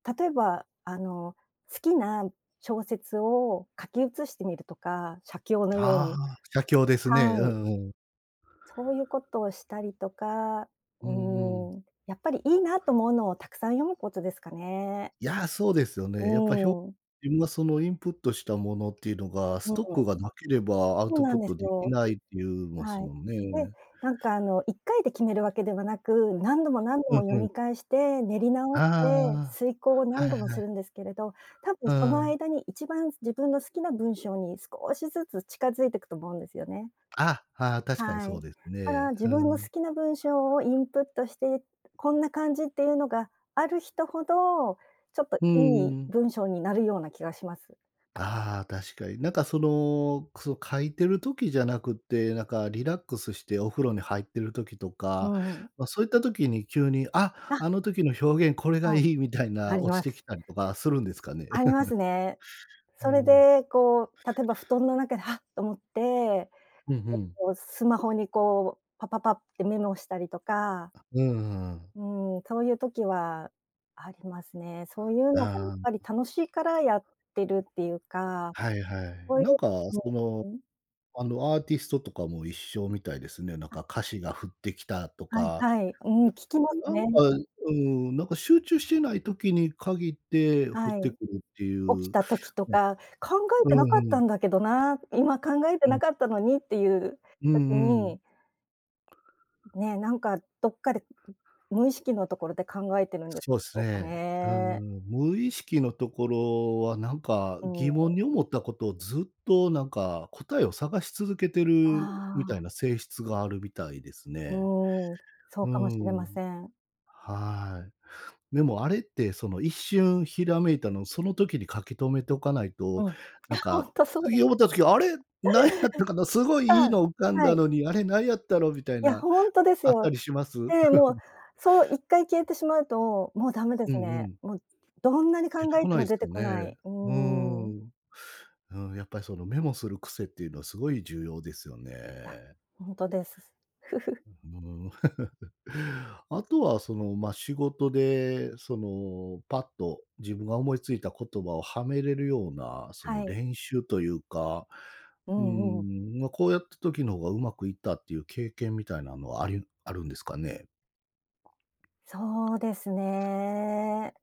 例えば、あの好きな小説を書き写してみるとか、写経のようあに、あ、写経ですね。はうい。んうん。そういうことをしたりとか、うんうん。うん、やっぱりいいなと思うのをたくさん読むことですかね。いや、そうですよね。やっぱひょうん。自分がそのインプットしたものっていうのが、スうん。トックがなければアウそうトなプんッでトすできよ。ないって言いまはすい。もんで、ね。なんかあの1回で決めるわけではなく、何度も何度うもん読うん。み返して、練り直しあて、推敲をあ、は何い度もはすい。るんですけれど、たぶんうそのん。間に1番自分の好きな文章に少しずつ近づいてくと思うんですよね。あ、ああ、確かにはい。そうですだかね、ら自分の好うん。きな文章をインプットして、こんな感じっていうのがある人ほど、ちょっとういいん。文章になるような気がします。ああ、確かに。なんかその、その書いてる時じゃなくて、なんかリラックスしてお風呂に入ってる時とうか、ん。まあそういった時に急に、「あ、あ。あの時の表現これがはい、いい」みたいあな、り落まちてす。きたりとかするんですかね？ありますね。うそれん。でこう例えば布団の中で「はっ！」と思って、えっうんうん。とスマホにこうパパパってメモしたりとか。うんうんうん。うん、そういう時はありますね、そういうのがやっああ。ぱり楽しいからやってるっていうか、はいはい。そういう、なんか、その、うん。あのアーティストとかも一緒みたいですね、なんあ。か歌詞が降ってきたとはいか、はい、うん聞きますなんね。か、うーん、なんか集中してない時に限って降っはい、てくるっていう。起きたう時とん。か考えうてなかっんうたん。んだけどな、今考えてうなん。かったのにっていううん時うん。に。ね、なんかどっかで、無意識のところで考えてるんでそうっしすょうかね、うーね。ん、無意識のところは、なんかうん。疑問に思ったことをずっとなんか答えを探し続けてるあみたいあ。な性質があるみたいですうね。ん、そううかもしれん。ません。はい。でもあれって、その一瞬閃いたのをその時に書き留めておかないうと、ん、なんほか、んとそうだ。次思った時、あれ、何やったかな、すごいあ、いいの浮かんはだい。のに、あれ何やったのみたいいやな、ほんとですあったよ。りします？で、もう そう1回消えてしまうともうダメでうんすうね。ん。もうどんなに出考てえこてないもです出てよこなね。い、ううーーん。ん、うん、やっぱりそのメモする癖っていうのはすごい重要ですよいや、ね。ほんとです。うーん。あとはそのまあ仕事でそのパッと自分が思いついた言葉をはめれるような、そのはい。練習というか、ううーんうん。ん、まあこうやった時の方がうまくいったっていう経験みたいなのはありあるんですかね？そうですね。